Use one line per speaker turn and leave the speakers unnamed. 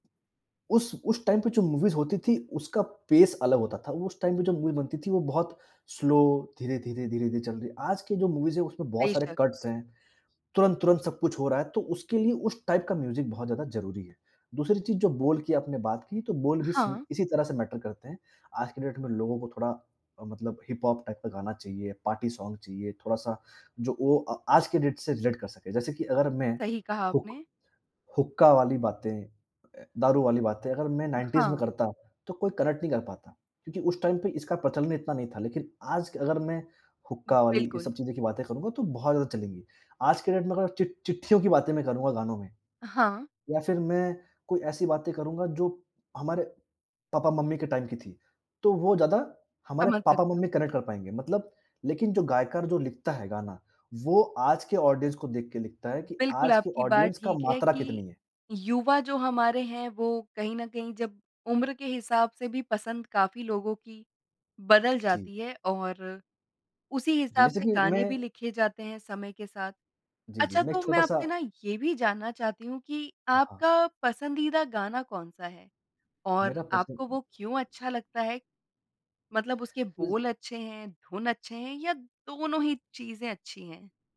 उस उस टाइम पे जो मूवीज़ होती थी, उसका पेस अलग होता था। उस टाइम पे जो मूवी बनती थी, वो बहुत स्लो धीरे, धीरे, धीरे, धीरे चल रही है। आज की जो मूवीज़ है, उसमें बहुत सारे
बेशक़।
कट्स हैं। तुरंत, तुरंत सब कुछ हो रहा है, तो उसके लिए उस टाइप का म्यूज़िक बहुत ज़्यादा ज़रूरी है। दूसरी चीज़, जो बोल की आपने बात की, तो बोल भी सेम
हाँ।
इसी तरह से मैटर करते हैं। आज की डेट में लोगों को थोड़ा अ, मतलब हिप-हॉप टाइप का गाना चाहिए, पार्टी सॉन्ग चाहिए, थोड़ा सा जो ओ अ आज की डेट से रिलेट कर सके। जैसे कि अगर मैं
सही कहा
हुक
आपने।
हुक्का वाली बातें, ए, दारू वाली बातें अगर मैं 90s में
हाँ।
करता, तो कोई कनेक्ट नहीं कर पाता। क्योंकि उस टाइम पे इसका प्रचलन इतना नहीं था। लेकिन आज क अगर मैं हुक्का वाली ये
बिल्कुल।
सब चीज़ें की बातें करूँगा, तो बहुत ज़्यादा चलेंगी। आज की डेट में अगर चिट चिट्ठियों की बातें मैं करूँगा गानों में
हाँ।
या फिर मैं कोई ऐसी बातें करूँगा जो हमारे पापा-मम्मी के टाइम की थी, तो वो ज़्यादा हमारे
समझ सकती
पापा-मम्मी
हूँ।
कनेक्ट कर पाएँगे। मतलब लेकिन जो गीतकार जो लिखता है गाना, वो आज के ऑडियंस को देख के लिखता है कि
बिल्कुल,
आज के
आपकी बात
ऑडियंस का
ठीक है
मात्रा कितनी
कि
है।
युवा जो हमारे हैं, वो कहीं न कहीं जब उम्र के हिसाब से भी पसंद काफ़ी लोगों की बदल
जी।
जाती है और उसी
जी,
हिसाब
जैसे
से
कि मैं
गाने भी लिखे जाते हैं समय के साथ।
जी, जी।
अच्छा,
मैं एक
तो मैं
छोटा सा
आपसे ना ये भी जानना चाहती हूँ कि
हाँ।
आपका पसंदीदा गाना कौन-सा है? और
मेरा
आपको
पसंद
वो क्यों अच्छा लगता है? मतलब उसके
उज़
बोल अच्छे हैं, धुन अच्छे हैं या दोनों ही चीज़ें अच्छी हैं?